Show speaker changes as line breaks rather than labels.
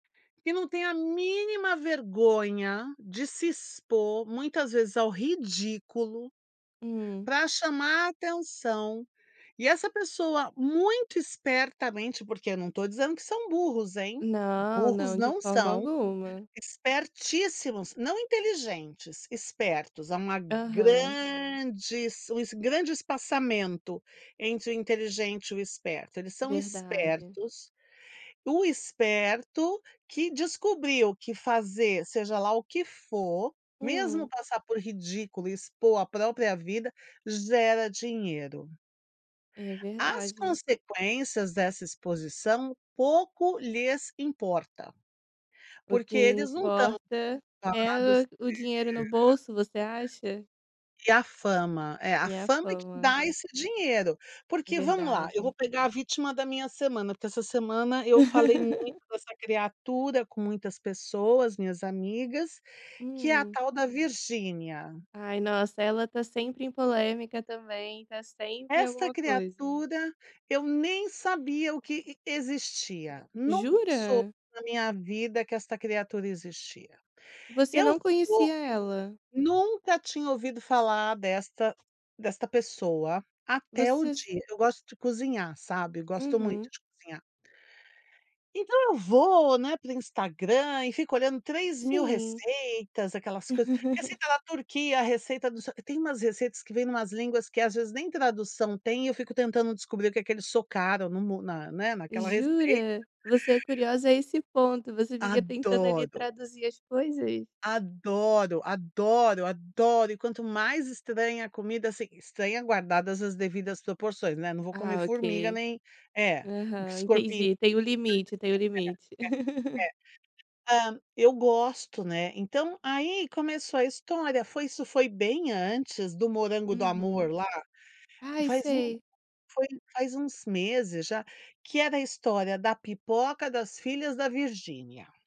Que não tem a mínima vergonha de se expor, muitas vezes ao ridículo,
Hum.
pra chamar atenção. E essa pessoa, muito espertamente, porque eu não tô dizendo que são burros, hein.
Não,
Burros
não, de
não
forma
são.
alguma.
Espertíssimos. Não inteligentes, espertos. Há uma
Aham.
grande es grande espaçamento entre o inteligente e o esperto. Eles são
Verdade.
espertos. O esperto que descobriu que fazer seja lá o que for, mesmo
Hum.
passar por ridículo e expor a própria vida, gera dinheiro.
É
As
verdade.
consequências dessa exposição pouco lhes importa,
O que
porque eles não tão
importa é
preocupados
o o dinheiro no bolso, você acha?
[unintelligible] E a fama É, a
E a
fama que
fama.
dá esse dinheiro, porque vamos lá, eu vou
Verdade.
pegar a vítima da minha semana, porque essa semana eu falei muito dessa criatura com muitas pessoas, minhas amigas, que é a
Hum.
tal da Virginia.
Ai, nossa, ela tá sempre em polêmica também, tá sempre em
Esta
alguma coisa.
criatura, eu nem sabia o que existia. Nunca soube
Jura?
na minha vida que esta criatura existia.
Você
Eu
não
soube
conhecia ela?
Nunca tinha ouvido falar desta desta pessoa até o
Você s
dia eu gosto de cozinhar, sabe, gosto muito
Uhum.
de cozinhar. Então eu vou, né, pro Instagram e fico olhando 3 mil
Sim.
receitas. Aquelas coisas: receita da Turquia, receita do só tem umas receitas que vêm em umas línguas que, às vezes, nem tradução têm e eu fico tentando descobrir o que que eles socaram no mo na né, naquela receita.
Jura? Você é curiosa a esse ponto? Você fica tentando ali
Adoro.
traduzir as coisas?
Adoro, adoro, adoro. E, quanto mais estranha a comida, assim, estranha guardadas as devidas proporções, né. Não vou comer
Ah,
formiga
ok.
nem É,
Aham,
escorpi,
entendi.
[unintelligible]
Tem o limite, tem o limite.
É, é. Hã, eu gosto, né. Então, aí, começou a história. Foi, isso foi bem antes do morango do
Uhum.
amor lá.
Ai,
Faz um
sei.
foi faz uns meses já. Que era a história da pipoca das filhas da Virginia.